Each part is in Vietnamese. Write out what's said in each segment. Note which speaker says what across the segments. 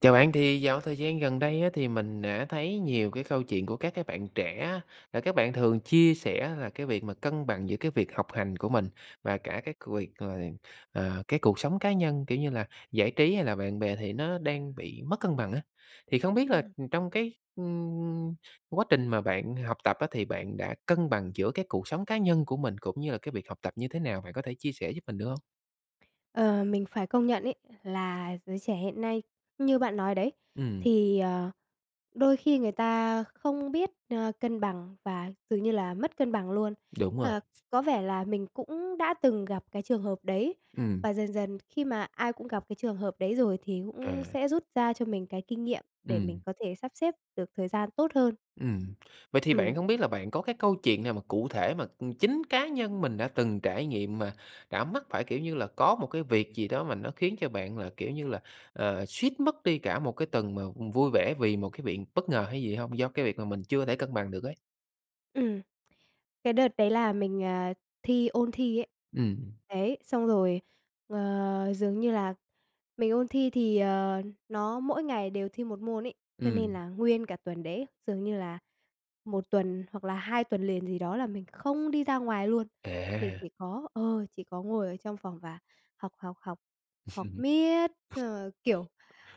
Speaker 1: Chào bạn, thì dạo thời gian gần đây á thì mình đã thấy nhiều cái câu chuyện của các cái bạn trẻ á, là các bạn thường chia sẻ là cái việc mà cân bằng giữa cái việc học hành của mình và cả cái việc là, à, cái cuộc sống cá nhân, kiểu như là, giải trí hay là bạn bè thì nó đang bị mất cân bằng á, thì không biết là
Speaker 2: Ừm.
Speaker 1: trong cái, ưm, quá trình mà bạn học tập á thì bạn đã cân bằng giữa cái cuộc sống cá nhân của mình cũng như là cái việc học tập như thế nào? Bạn có thể chia sẻ giúp mình được hông?
Speaker 2: Ờ, mình phải công nhận ấy là giới trẻ hiện nay, như bạn nói đấy,
Speaker 1: Ừm.
Speaker 2: thì, ờ, đôi khi người ta không biết, ơ, cân bằng và dường như là mất cân bằng luôn.
Speaker 1: Đúng rồi.
Speaker 2: Ờ, có vẻ là mình cũng đã từng gặp cái trường hợp đấy,
Speaker 1: Ừm.
Speaker 2: và dần dần khi mà ai cũng gặp cái trường hợp đấy rồi thì
Speaker 1: Ờ.
Speaker 2: cũng sẽ rút ra cho mình cái kinh nghiệm để mình
Speaker 1: Ừm.
Speaker 2: có thể sắp xếp được thời gian tốt hơn.
Speaker 1: Ừm. Vậy thì bạn
Speaker 2: Ừm.
Speaker 1: không biết là bạn có cái câu chuyện nào mà cụ thể mà, ừm, chính cá nhân mình đã từng trải nghiệm mà đã mắc phải, kiểu như là, có một cái việc gì đó mà nó khiến cho bạn là, kiểu như là, ờ, suýt mất đi cả một cái tuần mà vui vẻ vì một cái việc bất ngờ hay gì hông, do cái việc mà mình chưa có thể cân bằng được ấy?
Speaker 2: Ừm. Cái đợt đấy là mình, ờ, thi ôn thi ấy.
Speaker 1: Ừm.
Speaker 2: Đấy, xong rồi, ờ, dường như là mình ôn thi thì, ờ, nó mỗi ngày đều thi 1 môn ấy, cho nên
Speaker 1: Ừm.
Speaker 2: là nguyên cả tuần đấy dường như là 1 tuần hoặc là 2 tuần liền gì đó là mình không đi ra ngoài luôn. Mình
Speaker 1: À.
Speaker 2: chỉ có ờ, chỉ có ngồi ở trong phòng và học, học, học, học miết, xong rồi, kiểu,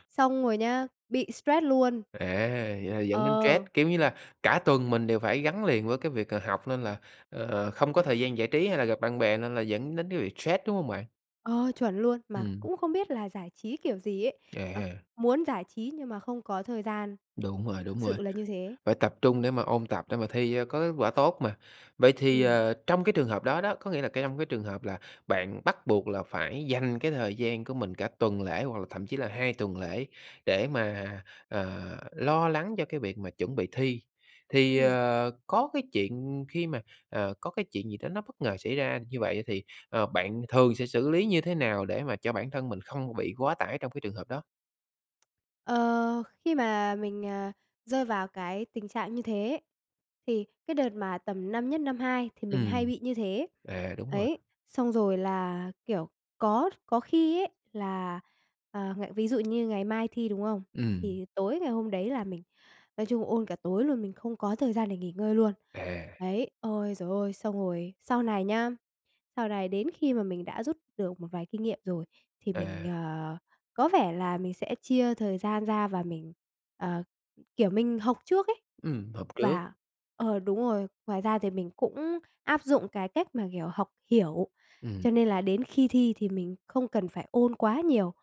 Speaker 2: xong rồi nhá bị stress luôn.
Speaker 1: À, vậy là dẫn đến stress,
Speaker 2: Ờ.
Speaker 1: kiểu như là, cả tuần mình đều phải gắn liền với cái việc, ờ, học nên là, ờ, không có thời gian giải trí hay là gặp bạn bè nên là dẫn đến cái việc stress, đúng hông bạn?
Speaker 2: Ơ, chuẩn luôn. Mà
Speaker 1: Ừm.
Speaker 2: cũng không biết là giải trí kiểu gì ấy,
Speaker 1: À
Speaker 2: à,
Speaker 1: ha.
Speaker 2: muốn giải trí nhưng mà không có thời gian.
Speaker 1: Đúng rồi, đúng
Speaker 2: Thực
Speaker 1: rồi,
Speaker 2: sự là như thế.
Speaker 1: phải tập trung để mà ôn tập để mà thi cho có kết quả tốt mà. Vậy thì,
Speaker 2: Ừm.
Speaker 1: ờ, trong cái trường hợp đó đó, có nghĩa là cái trong cái trường hợp là bạn bắt buộc là phải dành cái thời gian của mình cả tuần lễ hoặc là thậm chí là 2 tuần lễ để mà, ờ, lo lắng cho cái việc mà chuẩn bị thi, thì,
Speaker 2: Ừm.
Speaker 1: ờ, có cái chuyện khi mà ờ, có cái chuyện gì đó nó bất ngờ xảy ra như vậy thì, ờ, bạn thường sẽ xử lý như thế nào để mà cho bản thân mình không bị quá tải trong cái trường hợp đó?
Speaker 2: Ờ, khi mà mình, ờ, rơi vào cái tình trạng như thế, thì cái đợt mà tầm năm nhất, năm hai thì mình hay
Speaker 1: Ừm.
Speaker 2: bị như thế.
Speaker 1: À, đúng rồi.
Speaker 2: Ấy, xong rồi là, kiểu, có kh có khi ấy là, ờ, ngày ví dụ như ngày mai thi, đúng không?
Speaker 1: Ừm.
Speaker 2: Thì tối ngày hôm đấy là mình nói chung ôn cả tối luôn, mình không có thời gian để nghỉ ngơi luôn,
Speaker 1: À!
Speaker 2: đấy. Ôi, giời ơi! Xong rồi sau này nhá, sau này đến khi mà mình đã rút được một vài kinh nghiệm rồi thì mình,
Speaker 1: À.
Speaker 2: ờ, có vẻ là mình sẽ chia thời gian ra và mình, ờ, kiểu, mình học trước ấy,
Speaker 1: Ừm, học trước.
Speaker 2: và ờ, đúng rồi. Ngoài ra thì mình cũng áp dụng cái cách mà, kiểu, học hiểu,
Speaker 1: Ừm.
Speaker 2: cho nên là đến khi thi thì mình không cần phải ôn quá nhiều.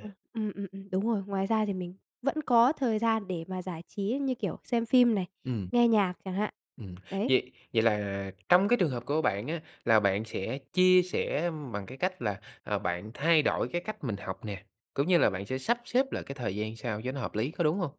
Speaker 2: Ờ, ừm, ừm, ừm, đúng rồi. Ngoài ra thì mình vẫn có thời gian để mà giải trí như kiểu xem phim này,
Speaker 1: Ừm.
Speaker 2: nghe nhạc chẳng hạn.
Speaker 1: Ừm.
Speaker 2: Đấy.
Speaker 1: Vậy vậy là trong cái trường hợp của bạn á, là bạn sẽ chia sẻ bằng cái cách là, ờ, bạn thay đổi cái cách mình học nè, cũng như là bạn sẽ sắp xếp lại cái thời gian sao cho nó hợp lý, có đúng hông?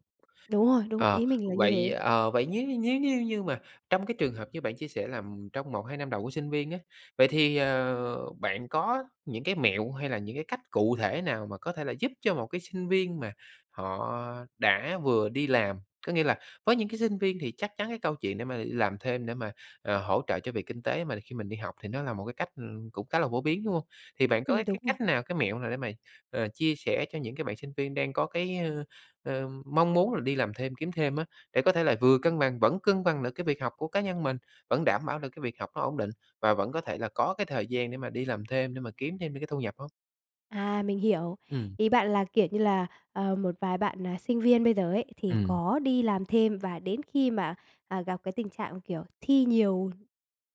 Speaker 2: Đúng rồi, đúng,
Speaker 1: Ờ,
Speaker 2: ý mình là như
Speaker 1: vậy,
Speaker 2: thế.
Speaker 1: ờ, vậy nếu như nếu như như mà trong cái trường hợp như bạn chia sẻ là, ừm, trong 1-2 năm đầu của sinh viên á, vậy thì, ờ, bạn có những cái mẹo hay là những cái cách cụ thể nào mà có thể là giúp cho một cái sinh viên mà họ đã vừa đi làm, có nghĩa là có những cái sinh viên thì chắc chắn cái câu chuyện để mà đi làm thêm để mà, ờ, hỗ trợ cho việc kinh tế mà khi mình đi học thì nó là một cái cách, ừ, cũng khá là phổ biến, đúng hông? Thì bạn có
Speaker 2: Ừm,
Speaker 1: cái
Speaker 2: đúng rồi.
Speaker 1: cách nào, cái mẹo nào để mà, ờ, chia sẻ cho những cái bạn sinh viên đang có cái, ờ, ờ, mong muốn là đi làm thêm kiếm thêm á, để có thể là vừa cân bằng vẫn cân bằng được cái việc học của cá nhân mình, vẫn đảm bảo được cái việc học nó ổn định và vẫn có thể là có cái thời gian để mà đi làm thêm để mà kiếm thêm được cái thu nhập hông?
Speaker 2: À, mình hiểu.
Speaker 1: Ừm.
Speaker 2: Ý bạn là, kiểu như là, ờ, một vài bạn, à, sinh viên bây giờ ấy, thì
Speaker 1: Ừm.
Speaker 2: có đi làm thêm và đến khi mà, à, gặp cái tình trạng, kiểu, thi nhiều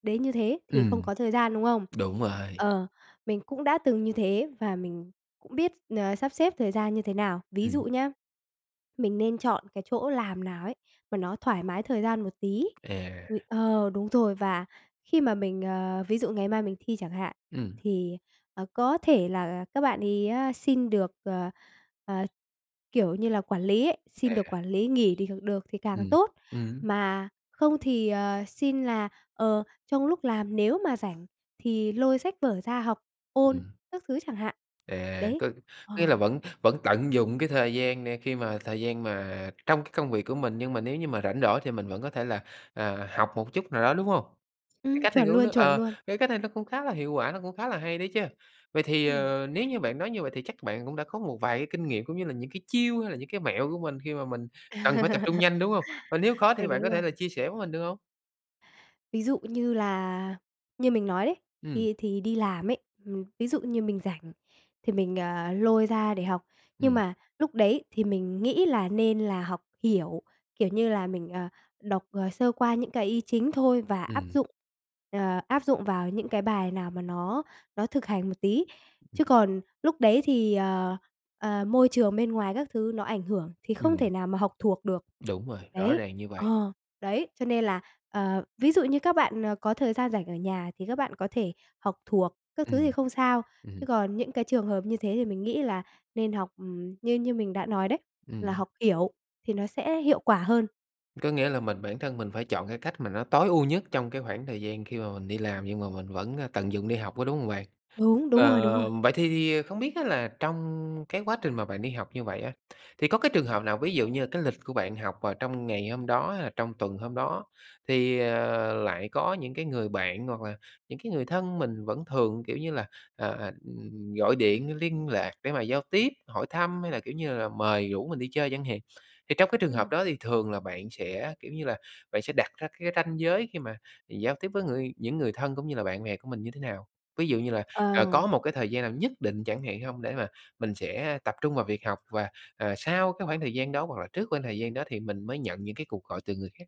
Speaker 2: đến như thế thì không
Speaker 1: Ừm.
Speaker 2: có thời gian, đúng không?
Speaker 1: Đúng rồi.
Speaker 2: Ờ, mình cũng đã từng như thế và mình cũng biết, ờ, sắp xếp thời gian như thế nào. Ví dụ
Speaker 1: Ừm.
Speaker 2: nhá, mình nên chọn cái chỗ làm nào ấy mà nó thoải mái thời gian một tí.
Speaker 1: À.
Speaker 2: Rồi ờ, đúng rồi, và khi mà mình, ờ ví dụ ngày mai mình thi chẳng hạn,
Speaker 1: Ừm.
Speaker 2: thì, ờ, có thể là các bạn ấy á xin được, ờ, ờ, kiểu như là, quản lý ấy, xin được
Speaker 1: À.
Speaker 2: quản lý nghỉ đi được thì càng
Speaker 1: Ừm.
Speaker 2: tốt.
Speaker 1: Ừm.
Speaker 2: Mà không thì, ờ, xin là, ờ, trong lúc làm nếu mà rảnh thì lôi sách vở ra học, ôn
Speaker 1: Ừm.
Speaker 2: các thứ chẳng hạn.
Speaker 1: À,
Speaker 2: Đấy.
Speaker 1: có có
Speaker 2: Ờ.
Speaker 1: nghĩa là vẫn vẫn tận dụng cái thời gian này khi mà thời gian mà trong cái công việc của mình, nhưng mà nếu như mà rảnh rỗi thì mình vẫn có thể là, à, học một chút nào đó, đúng hông? Cái
Speaker 2: Ừm,
Speaker 1: cách này
Speaker 2: chuẩn
Speaker 1: cũng nó
Speaker 2: luôn, chuẩn
Speaker 1: ờ,
Speaker 2: luôn.
Speaker 1: cái cách này nó cũng khá là hiệu quả, nó cũng khá là hay đấy chứ. Vậy thì,
Speaker 2: Ừm.
Speaker 1: ờ, nếu như bạn nói như vậy thì chắc bạn cũng đã có một vài cái kinh nghiệm cũng như là những cái chiêu hay là những cái mẹo của mình khi mà mình cần phải tập trung nhanh, đúng hông? Và nếu có
Speaker 2: Ừ,
Speaker 1: thì bạn
Speaker 2: đúng
Speaker 1: có
Speaker 2: rồi.
Speaker 1: thể là chia sẻ với mình được hông?
Speaker 2: Ví dụ như là, như mình nói đấy,
Speaker 1: Ừm.
Speaker 2: khi thì đi làm ấy, ừm, ví dụ như mình rảnh thì mình, ờ, lôi ra để học. Nhưng
Speaker 1: Ừm.
Speaker 2: mà lúc đấy thì mình nghĩ là nên là học hiểu, kiểu như là, mình, ờ, đọc, ờ, sơ qua những cái ý chính thôi và áp
Speaker 1: Ừm.
Speaker 2: dụng, ờ, áp dụng vào những cái bài nào mà nó nó thực hành một tí. Chứ còn lúc đấy thì, ờ, ờ, môi trường bên ngoài các thứ nó ảnh hưởng thì không
Speaker 1: Ừm.
Speaker 2: thể nào mà học thuộc được.
Speaker 1: Đúng rồi, rõ
Speaker 2: Đấy,
Speaker 1: ràng như vậy.
Speaker 2: ờ, đấy, cho nên là, ờ, ví dụ như các bạn, ờ, có thời gian rảnh ở nhà thì các bạn có thể học thuộc các thứ thì
Speaker 1: Ừm,
Speaker 2: không sao,
Speaker 1: ừm hứm.
Speaker 2: chứ còn những cái trường hợp như thế thì mình nghĩ là nên học, ừm, như như mình đã nói đấy, là
Speaker 1: Ừm.
Speaker 2: học hiểu thì nó sẽ hiệu quả hơn.
Speaker 1: Có nghĩa là mình bản thân mình phải chọn cái cách mà nó tối ưu nhất trong cái khoảng thời gian khi mà mình đi làm, nhưng mà mình vẫn, a, tận dụng để học, có đúng hông bạn?
Speaker 2: Đúng, đúng rồi, đúng rồi.
Speaker 1: Ờ, vậy thì thì không biết á là trong cái quá trình mà bạn đi học như vậy á, thì có cái trường hợp nào ví dụ như là cái lịch của bạn học vào trong ngày hôm đó, hay là trong tuần hôm đó, thì, ờ, lại có những cái người bạn hoặc là những cái người thân mình vẫn thường, kiểu như là, ờ, ừm, gọi điện liên lạc để mà giao tiếp, hỏi thăm hay là, kiểu như là, mời rủ mình đi chơi chẳng hạn? Thì trong cái trường hợp
Speaker 2: Ừm.
Speaker 1: đó thì thường là bạn sẽ, kiểu như là, bạn sẽ đặt ra cái ranh giới khi mà giao tiếp với người những người thân cũng như là bạn bè của mình như thế nào? Ví dụ như là, ờ, có
Speaker 2: Ờm.
Speaker 1: một cái thời gian nào nhất định chẳng hạn hông? Để mà mình sẽ tập trung vào việc học và, à, sau cái khoảng thời gian đó hoặc là trước khoảng thời gian đó thì mình mới nhận những cái cuộc gọi từ người khác?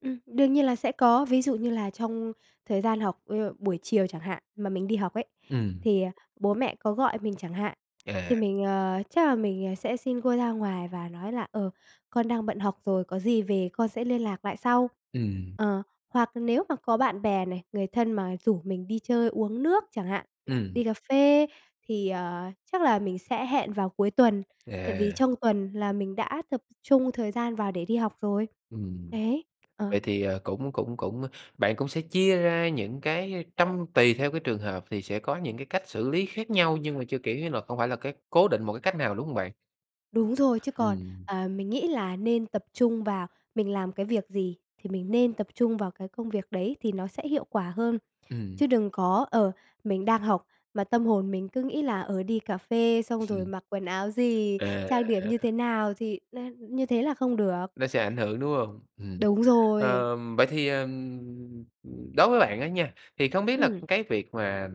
Speaker 2: Ừm, đương nhiên là sẽ có. Ví dụ như là trong thời gian học, ơ, buổi chiều chẳng hạn mà mình đi học ấy,
Speaker 1: Ừm.
Speaker 2: thì, ờ, bố mẹ có gọi mình chẳng hạn, thì
Speaker 1: À.
Speaker 2: mình, ờ, chắc là mình sẽ xin cô ra ngoài và nói là, ờ, "Con đang bận học rồi, có gì về con sẽ liên lạc lại sau."
Speaker 1: Ừm.
Speaker 2: Ờ, hoặc nếu mà có bạn bè này, người thân mà rủ mình đi chơi uống nước chẳng hạn,
Speaker 1: Ừm.
Speaker 2: đi cà phê thì, ờ, chắc là mình sẽ hẹn vào cuối tuần. Tại vì
Speaker 1: À!
Speaker 2: trong tuần là mình đã tập trung thời gian vào để đi học rồi.
Speaker 1: Ừm.
Speaker 2: Đấy. Ờ.
Speaker 1: Vậy thì, ờ, cũng cũng cũng bạn cũng sẽ chia ra những cái, ơ, trăm tùy theo cái trường hợp, thì sẽ có những cái cách xử lý khác nhau nhưng mà chưa, kiểu như là, không phải là cái cố định một cái cách nào, đúng hông bạn?
Speaker 2: Đúng rồi. Chứ còn,
Speaker 1: Ừm.
Speaker 2: ờ, mình nghĩ là nên tập trung vào mình làm cái việc gì thì mình nên tập trung vào cái công việc đấy thì nó sẽ hiệu quả hơn.
Speaker 1: Ừm.
Speaker 2: Chứ đừng có, ờ, mình đang học mà tâm hồn mình cứ nghĩ là, ờ, "Đi cà phê xong rồi
Speaker 1: Ừm.
Speaker 2: mặc quần áo gì?
Speaker 1: À,
Speaker 2: Trang điểm
Speaker 1: à!
Speaker 2: như thế nào?" Thì n như thế là không được.
Speaker 1: Nó sẽ ảnh hưởng, đúng hông? Ừm.
Speaker 2: Đúng rồi!
Speaker 1: Ờ, vậy thì, ờm, ờm, đối với bạn á nha, thì không biết là
Speaker 2: Ừm!
Speaker 1: cái việc mà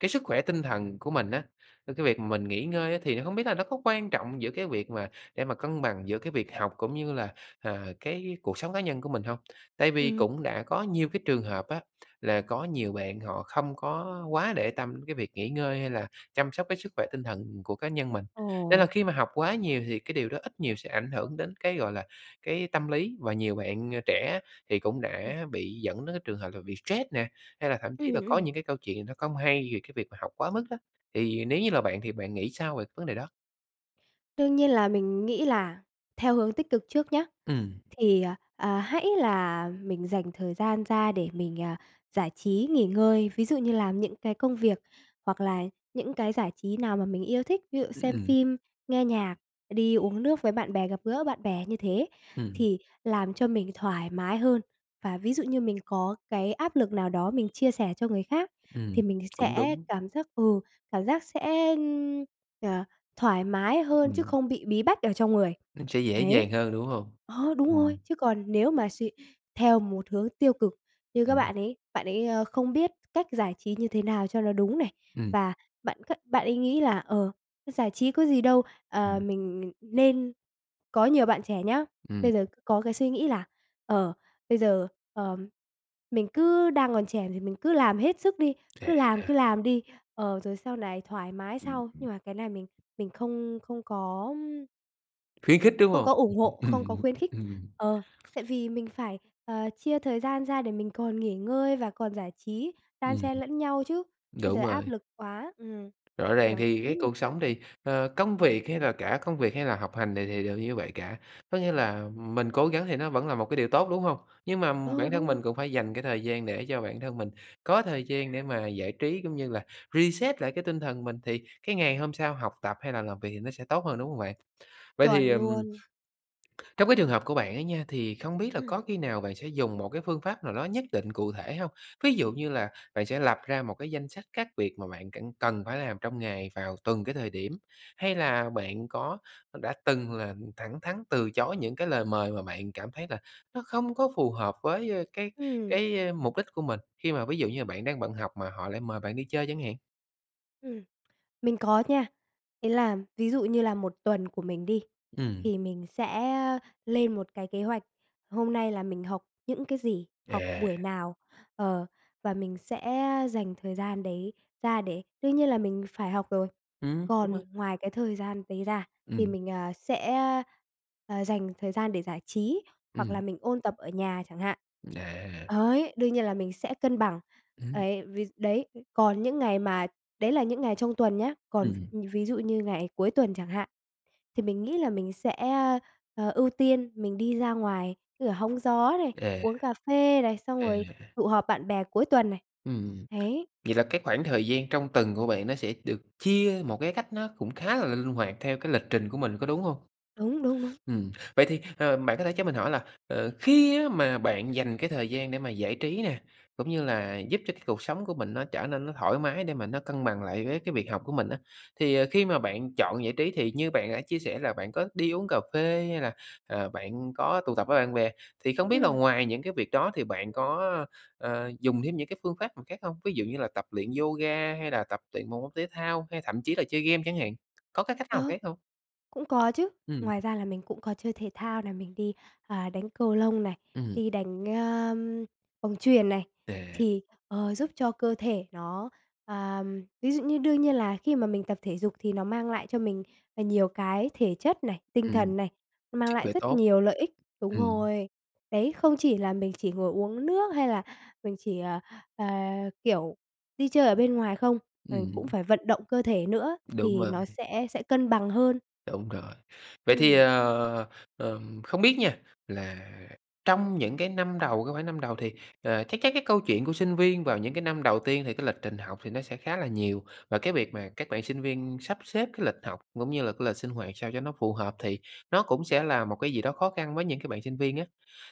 Speaker 1: cái sức khỏe tinh thần của mình á, cái việc mình nghỉ ngơi á, thì không biết là nó có quan trọng giữa cái việc mà để mà cân bằng giữa cái việc học cũng như là, à, cái cuộc sống cá nhân của mình hông? Tại vì
Speaker 2: Ừm.
Speaker 1: cũng đã có nhiều cái trường hợp á, là có nhiều bạn họ không có quá để tâm đến cái việc nghỉ ngơi hay là chăm sóc cái sức khỏe tinh thần của cá nhân mình. Nên là
Speaker 2: Ồ.
Speaker 1: khi mà học quá nhiều thì cái điều đó ít nhiều sẽ ảnh hưởng đến cái, gọi là, cái tâm lý, và nhiều bạn, à, trẻ thì cũng
Speaker 2: Ừm.
Speaker 1: đã bị dẫn đến cái trường hợp là bị stress nè, hay là thậm chí là
Speaker 2: Ừm,
Speaker 1: có
Speaker 2: ừm.
Speaker 1: những cái câu chuyện nó không hay về cái việc mà học quá mức đó. Thì nếu như là bạn thì bạn nghĩ sao về cái vấn đề đó?
Speaker 2: Đương nhiên là mình nghĩ là theo hướng tích cực trước nhá,
Speaker 1: Ừm.
Speaker 2: thì, ờ, ờ, hãy là mình dành thời gian ra để mình, à, giải trí, nghỉ ngơi. Ví dụ như làm những cái công việc hoặc là những cái giải trí nào mà mình yêu thích, ví dụ
Speaker 1: Ưm,
Speaker 2: xem
Speaker 1: ừm.
Speaker 2: phim, nghe nhạc, đi uống nước với bạn bè, gặp gỡ bạn bè, như thế
Speaker 1: Ừm.
Speaker 2: thì làm cho mình thoải mái hơn. Và ví dụ như mình có cái áp lực nào đó mình chia sẻ cho người khác, thì
Speaker 1: Ừm,
Speaker 2: mình
Speaker 1: cũng
Speaker 2: sẽ
Speaker 1: đúng.
Speaker 2: cảm giác ừ, cảm giác sẽ, à, thoải mái hơn chứ
Speaker 1: Ừm.
Speaker 2: không bị bí bách ở trong người,
Speaker 1: Nó sẽ dễ
Speaker 2: đấy.
Speaker 1: dàng hơn, đúng hông?
Speaker 2: Ờ, đúng rồi,
Speaker 1: Ừm.
Speaker 2: chứ còn nếu mà suy theo một hướng tiêu cực như các
Speaker 1: Ừm.
Speaker 2: bạn ấy, bạn ấy, ơ, không biết cách giải trí như thế nào cho nó đúng này,
Speaker 1: Ừm.
Speaker 2: và bạn c bạn ấy nghĩ là, ờ, giải trí có gì đâu, à,
Speaker 1: Ừm.
Speaker 2: mình mình nên có nhiều bạn trẻ nhá
Speaker 1: Ừm.
Speaker 2: bây giờ có cái suy nghĩ là, ờ, bây giờ, ờ, mình cứ đang còn trẻ thì mình cứ làm hết sức đi,
Speaker 1: Vậy
Speaker 2: cứ
Speaker 1: á
Speaker 2: làm,
Speaker 1: hả?
Speaker 2: cứ làm đi, ờ, rồi sau này thoải mái
Speaker 1: Ừm,
Speaker 2: sau.
Speaker 1: ừm.
Speaker 2: Nhưng mà cái này mình mình không không có, ưm
Speaker 1: Khuyến khích, đúng
Speaker 2: Không
Speaker 1: hông?
Speaker 2: có ủng
Speaker 1: Ừm,
Speaker 2: hộ, không
Speaker 1: ừm,
Speaker 2: có
Speaker 1: ừm,
Speaker 2: khuyến khích.
Speaker 1: ừm.
Speaker 2: Ờ, tại vì mình phải, ờ, chia thời gian ra để mình còn nghỉ ngơi và còn giải trí, đan
Speaker 1: Ừm.
Speaker 2: xen lẫn nhau chứ, bây giờ
Speaker 1: Đúng
Speaker 2: áp
Speaker 1: rồi.
Speaker 2: lực quá, ừm,
Speaker 1: Rõ ràng
Speaker 2: kiểu,
Speaker 1: thì
Speaker 2: ý
Speaker 1: cái
Speaker 2: mình
Speaker 1: cuộc sống thì,
Speaker 2: ừm.
Speaker 1: ờ, công việc hay là cả công việc hay là học hành này thì đều như vậy cả, có nghĩa là mình cố gắng thì nó vẫn là một cái điều tốt, đúng hông? Nhưng mà
Speaker 2: Ờ,
Speaker 1: bản thân
Speaker 2: đúng rồi.
Speaker 1: mình cũng phải dành cái thời gian để cho bản thân mình có thời gian để mà giải trí cũng như là reset lại cái tinh thần mình, thì cái ngày hôm sau học tập hay là làm việc thì nó sẽ tốt hơn, đúng hông bạn? Vậy thì,
Speaker 2: Chuẩn
Speaker 1: ừm,
Speaker 2: luôn.
Speaker 1: trong cái trường hợp của bạn ấy nha, thì không biết là
Speaker 2: Ừm.
Speaker 1: có khi nào bạn sẽ dùng một cái phương pháp nào đó nhất định cụ thể hông? Ví dụ như là bạn sẽ lập ra một cái danh sách các việc mà bạn c cần phải làm trong ngày vào từng cái thời điểm? Hay là bạn có đã từng là thẳng thắn từ chối những cái lời mời mà bạn cảm thấy là nó không có phù hợp với, ơ, cái
Speaker 2: Ừm.
Speaker 1: cái, ơ, mục đích của mình, khi mà ví dụ như là bạn đang bận học mà họ lại mời bạn đi chơi chẳng hạn?
Speaker 2: Ừm, mình có nha. Ý là ví dụ như là 1 tuần của mình đi,
Speaker 1: Ừm.
Speaker 2: thì mình sẽ lên một cái kế hoạch, hôm nay là mình học những cái gì, học
Speaker 1: À.
Speaker 2: buổi nào, ờ, và mình sẽ dành thời gian đấy ra để đương nhiên là mình phải học rồi.
Speaker 1: Ừm, đúng
Speaker 2: Còn
Speaker 1: rồi.
Speaker 2: ngoài cái thời gian đấy ra thì
Speaker 1: Ừm.
Speaker 2: mình, à, sẽ, à, dành thời gian để giải trí, hoặc là
Speaker 1: Ừm.
Speaker 2: mình ôn tập ở nhà chẳng hạn,
Speaker 1: À.
Speaker 2: đấy, đương nhiên là mình sẽ cân bằng.
Speaker 1: Ừm.
Speaker 2: Ấy, vì đấy, còn những ngày mà đấy là những ngày trong tuần nhá, còn,
Speaker 1: Ừm.
Speaker 2: ừm, ví dụ như ngày cuối tuần chẳng hạn, thì mình nghĩ là mình sẽ, ơ, ờ, ưu tiên mình đi ra ngoài, như là hóng gió này,
Speaker 1: À.
Speaker 2: uống cà phê này, xong rồi
Speaker 1: À.
Speaker 2: tụ họp bạn bè cuối tuần này.
Speaker 1: Ừm,
Speaker 2: Đấy.
Speaker 1: vậy là cái khoảng thời gian trong tuần của bạn nó sẽ được chia một cái cách nó cũng khá là l linh hoạt theo cái lịch trình của mình, có đúng hông?
Speaker 2: Đúng, đúng, đúng.
Speaker 1: Ừm, vậy thì, ờ, bạn có thể cho mình hỏi là, ờ, khi á, mà bạn dành cái thời gian để mà giải trí nè, cũng như là giúp cho cái cuộc sống của mình nó trở nên nó thoải mái để mà nó cân bằng lại với cái việc học của mình á, thì, ờ, khi mà bạn chọn giải trí, thì như bạn đã chia sẻ là bạn có đi uống cà phê hay là, à, bạn có tụ tập với bạn bè, thì không biết là
Speaker 2: Ừm.
Speaker 1: ngoài những cái việc đó thì bạn có, à, dùng thêm những cái phương pháp nào khác hông? Ví dụ như là tập luyện yoga hay là tập luyện một môn thể thao, hay thậm chí là chơi game chẳng hạn, có cái cách nào
Speaker 2: Ờ.
Speaker 1: khác hông?
Speaker 2: Cũng có chứ.
Speaker 1: Ừm.
Speaker 2: Ngoài ra là mình cũng có chơi thể thao này, mình đi, à, đánh cầu lông này,
Speaker 1: Ừm.
Speaker 2: đi đánh, ơm, bóng chuyền này,
Speaker 1: À.
Speaker 2: thì, ờ, giúp cho cơ thể nó à, ví dụ như đương nhiên là khi mà mình tập thể dục thì nó mang lại cho mình, à, nhiều cái thể chất này, tinh
Speaker 1: Ừm.
Speaker 2: thần này, nó mang
Speaker 1: Sức
Speaker 2: lại
Speaker 1: khỏe
Speaker 2: rất
Speaker 1: tốt.
Speaker 2: nhiều lợi ích đúng
Speaker 1: Ừm.
Speaker 2: rồi. Đấy, không chỉ là mình chỉ ngồi uống nước hay là mình chỉ, ờ, ờ, kiểu, đi chơi ở bên ngoài không, mình cũng
Speaker 1: Ừm.
Speaker 2: phải vận động cơ thể nữa
Speaker 1: Đúng
Speaker 2: thì
Speaker 1: rồi.
Speaker 2: nó sẽ sẽ cân bằng hơn.
Speaker 1: Đúng rồi. Vậy thì,
Speaker 2: Ừm.
Speaker 1: ờ, ờm, không biết nha, là trong những cái năm đầu cái khoảng năm đầu thì, ờ, chắc chắc cái câu chuyện của sinh viên vào những cái năm đầu tiên thì cái lịch trình học thì nó sẽ khá là nhiều. Và cái việc mà các bạn sinh viên sắp xếp cái lịch học cũng như là cái lịch sinh hoạt sao cho nó phù hợp, thì nó cũng sẽ là một cái gì đó khó khăn với những cái bạn sinh viên á.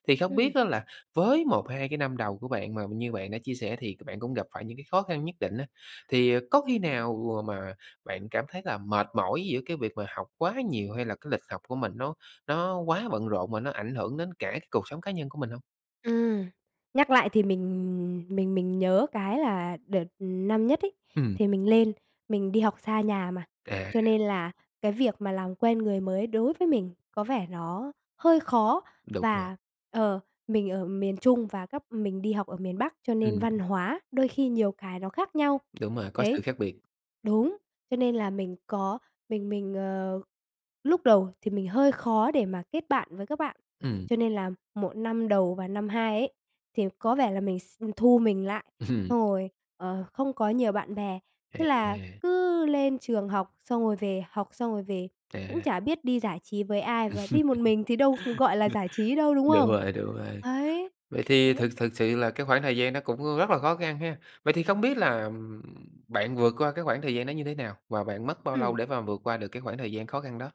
Speaker 1: Thì không
Speaker 2: Ừm.
Speaker 1: biết á, là với 1-2 cái năm đầu của bạn, mà như bạn đã chia sẻ thì bạn cũng gặp phải những cái khó khăn nhất định á, thì, ờ, có khi nào mà bạn cảm thấy là mệt mỏi giữa cái việc mà học quá nhiều? Hay là cái lịch học của mình nó nó quá bận rộn và nó ảnh hưởng đến cả cái cuộc sống cá nhân của mình hông?
Speaker 2: Ừm. Nhắc lại thì mình mình mình nhớ cái là đợt năm nhất ấy,
Speaker 1: Ừm.
Speaker 2: thì mình lên mình đi học xa nhà mà,
Speaker 1: À.
Speaker 2: cho nên là cái việc mà làm quen người mới đối với mình có vẻ nó hơi khó.
Speaker 1: Đúng rồi.
Speaker 2: Và, ờ, mình ở miền Trung và các mình đi học ở miền Bắc, cho nên
Speaker 1: Ừm.
Speaker 2: văn hóa đôi khi nhiều cái nó khác nhau.
Speaker 1: Đúng rồi, có
Speaker 2: Đấy.
Speaker 1: sự khác biệt.
Speaker 2: Đúng, cho nên là mình có mình mình, ờ, lúc đầu thì mình hơi khó để mà kết bạn với các bạn.
Speaker 1: Ừm.
Speaker 2: Cho nên là 1 năm đầu và năm 2 ấy, thì có vẻ là mình x ừm, thu mình lại,
Speaker 1: Ừm.
Speaker 2: xong rồi, ờ, không có nhiều bạn bè. Thế là
Speaker 1: À.
Speaker 2: cứ lên trường học xong rồi về, học xong rồi về, cũng
Speaker 1: À.
Speaker 2: chả biết đi giải trí với ai. Và đi một mình thì đâu ph gọi là, giải trí đâu, đúng
Speaker 1: Đúng
Speaker 2: không?
Speaker 1: rồi, đúng rồi.
Speaker 2: Ấy,
Speaker 1: Vậy thì
Speaker 2: thế.
Speaker 1: thực thực sự là cái khoảng thời gian đó cũng rất là khó khăn ha. Vậy thì không biết là, ừm, bạn vượt qua cái khoảng thời gian đó như thế nào và bạn mất bao lâu
Speaker 2: Ừm.
Speaker 1: để mà vượt qua được cái khoảng thời gian khó khăn đó?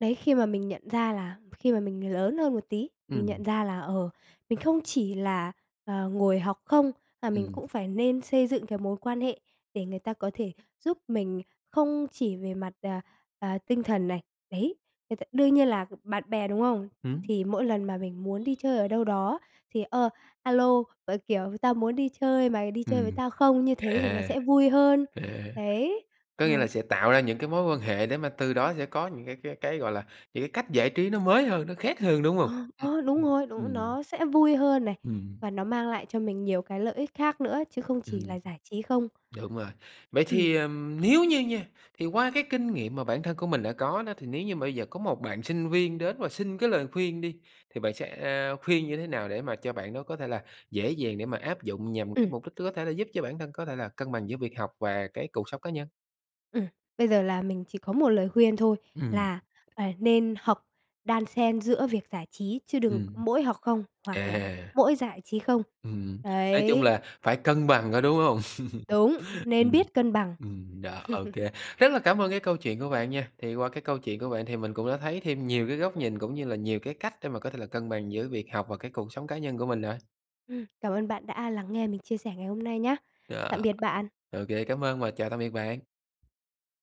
Speaker 2: Đấy, khi mà mình nhận ra là khi mà mình lớn hơn một tí, mình
Speaker 1: Ừm.
Speaker 2: nhận ra là, ờ, mình không chỉ là, ờ, ngồi học không, mà mình
Speaker 1: Ừm.
Speaker 2: cũng phải nên xây dựng cái mối quan hệ để người ta có thể giúp mình không chỉ về mặt, à, à, tinh thần này. Đấy, người ta đương nhiên là bạn bè, đúng không?
Speaker 1: Hửm?
Speaker 2: Thì mỗi lần mà mình muốn đi chơi ở đâu đó thì, ờ, "A lô" và, kiểu, "Tao muốn đi chơi, mày đi chơi với
Speaker 1: Ừm.
Speaker 2: tao không?" như thế thì nó
Speaker 1: À,
Speaker 2: sẽ vui hơn.
Speaker 1: à,
Speaker 2: Đấy.
Speaker 1: có nghĩa
Speaker 2: Ờ.
Speaker 1: là sẽ tạo ra những cái mối quan hệ để mà từ đó sẽ có những cái cái cái, gọi là, những cái cách giải trí nó mới hơn, nó khác hơn, đúng
Speaker 2: Ờ,
Speaker 1: hông? Ừm,
Speaker 2: ơ, đúng
Speaker 1: ừm,
Speaker 2: rồi, đúng.
Speaker 1: ừm.
Speaker 2: Nó sẽ vui hơn này,
Speaker 1: Ừm.
Speaker 2: và nó mang lại cho mình nhiều cái lợi ích khác nữa chứ không chỉ
Speaker 1: Ừm.
Speaker 2: là giải trí không.
Speaker 1: Đúng rồi. Vậy
Speaker 2: Ừm.
Speaker 1: thì, ừm, nếu như nha, thì qua cái kinh nghiệm mà bản thân của mình đã có đó. Thì nếu như mà bây giờ có một bạn sinh viên đến và xin cái lời khuyên đi. Thì bạn sẽ khuyên như thế nào để mà cho bạn đó có thể là dễ dàng để mà áp dụng nhằm cái
Speaker 2: Ừm.
Speaker 1: mục đích có thể giúp cho bản thân có thể là cân bằng giữa việc học và cái cuộc sống cá nhân?
Speaker 2: Ừm. Bây giờ là mình chỉ có một lời khuyên thôi,
Speaker 1: Ừm.
Speaker 2: là, à, nên hợp đan xen giữa việc giải trí chứ đừng
Speaker 1: Ừm.
Speaker 2: mỗi học không, hoặc là
Speaker 1: À.
Speaker 2: mỗi giải trí không.
Speaker 1: Ừm, nói chung
Speaker 2: Đấy.
Speaker 1: là phải cân bằng, có đúng hông?
Speaker 2: Đúng, nên
Speaker 1: Ừm,
Speaker 2: biết cân bằng.
Speaker 1: ừm, đó. OK, rất là cảm ơn cái câu chuyện của bạn nha. Thì qua cái câu chuyện của bạn thì mình cũng đã thấy thêm nhiều cái góc nhìn cũng như là nhiều cái cách để mà có thể là cân bằng giữa việc học và cái cuộc sống cá nhân của mình rồi.
Speaker 2: Ừm. Cảm ơn bạn đã lắng nghe mình chia sẻ ngày hôm nay nhá. Tạm
Speaker 1: Ờ,
Speaker 2: biệt bạn.
Speaker 1: OK, cám ơn và chào tạm biệt bạn.